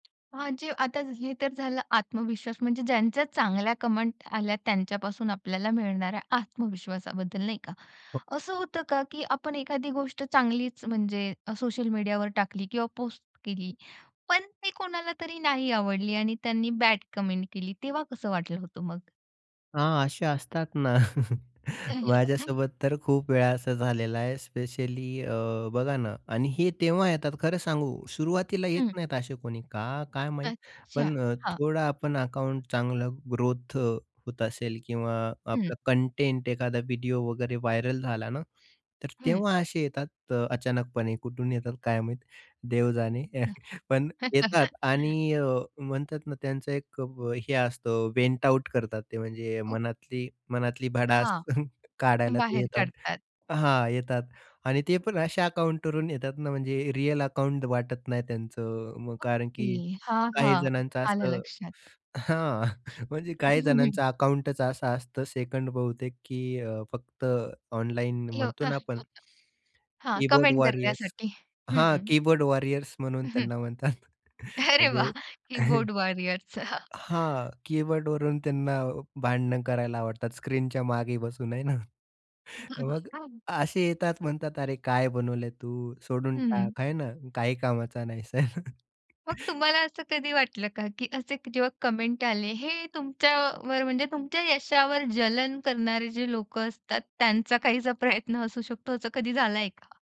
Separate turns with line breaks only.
हां जी, आता हे तर झालं आत्मविश्वास म्हणजे ज्यांच्या चांगल्या कमेंट आल्या, त्यांच्यापासून आपल्याला मिळणाऱ्या आत्मविश्वासाबद्दल नाही का?
हो.
असं होतं का की आपण एखादी गोष्ट चांगलीच म्हणजे सोशल मीडियावर टाकली किंवा पोस्ट केली. पण ते कोणाला तरी नाही आवडली आणि त्यांनी बॅड कमेंट केली, तेव्हा कसं वाटलं होतं मग?
हां, असे असतात ना. माझ्यासोबत तर खूप वेळा असं झालेलं आहे. स्पेशली अ, बघा ना. आणि हे तेव्हा येतात, खरं सांगू, सुरुवातीला येत
हं.
नाहीत असे कोणी, का काय माहीत.
अच्छा,
पण अ,
हां.
थोडा आपण अकाउंट चांगला ग्रोथ होत असेल किंवा
हं.
आपलं कंटेंट, एखादा व्हिडिओ वगैरे व्हायरल झाला ना. तर
हं.
तेव्हा असे येतात. अचानकपणे कुठून येतात काय माहीत. देव जाणे. पण येतात आणि अ, म्हणतात ना, त्यांचं एक अ, हे असतं, वेंट आउट करतात ते. म्हणजे
ओ.
मनातली मनातली भडास
हां,
काढायला ते
बाहेर
येतात.
काढतात.
हां, येतात आणि ते पण अशा अकाउंटवरून येतात ना, म्हणजे रिअल अकाउंट वाटत नाही त्यांचं. मग कारण
ओके,
की
हां,
काही
हां.
जणांचं
आलं
असं
लक्षात.
हां, म्हणजे
हं,
काही
हं, हं.
जणांचं अकाउंटच असं असतं. सेकंड बहुतेक, की अ, फक्त ऑनलाईन म्हणतो ना आपण
[unintelligible] हां,
कीबोर्ड
कमेंट
वॉरियर्स.
करण्यासाठी.
हां,
हं.
कीबोर्ड वॉरियर्स म्हणून त्यांना म्हणतात.
अरे
म्हणजे
वाह! कीबोर्ड वॉरियर्सचा.
हां, कीबोर्डवरून त्यांना भांडण करायला आवडतात. स्क्रीनच्या मागे बसून आहे ना? मग असे येतात, म्हणतात, "अरे, काय बनवलंय तू? सोडून
हं.
टाक. आहे ना? काही कामाचा नाहीस."
मग तुम्हाला असं कधी वाटलं का की असे जेव्हा कमेंट आले. हे तुमच्यावर म्हणजे तुमच्या यशावर जलन करणारे जे लोकं असतात, त्यांचा काहीसा प्रयत्न असू शकतो. असं कधी झालाय का?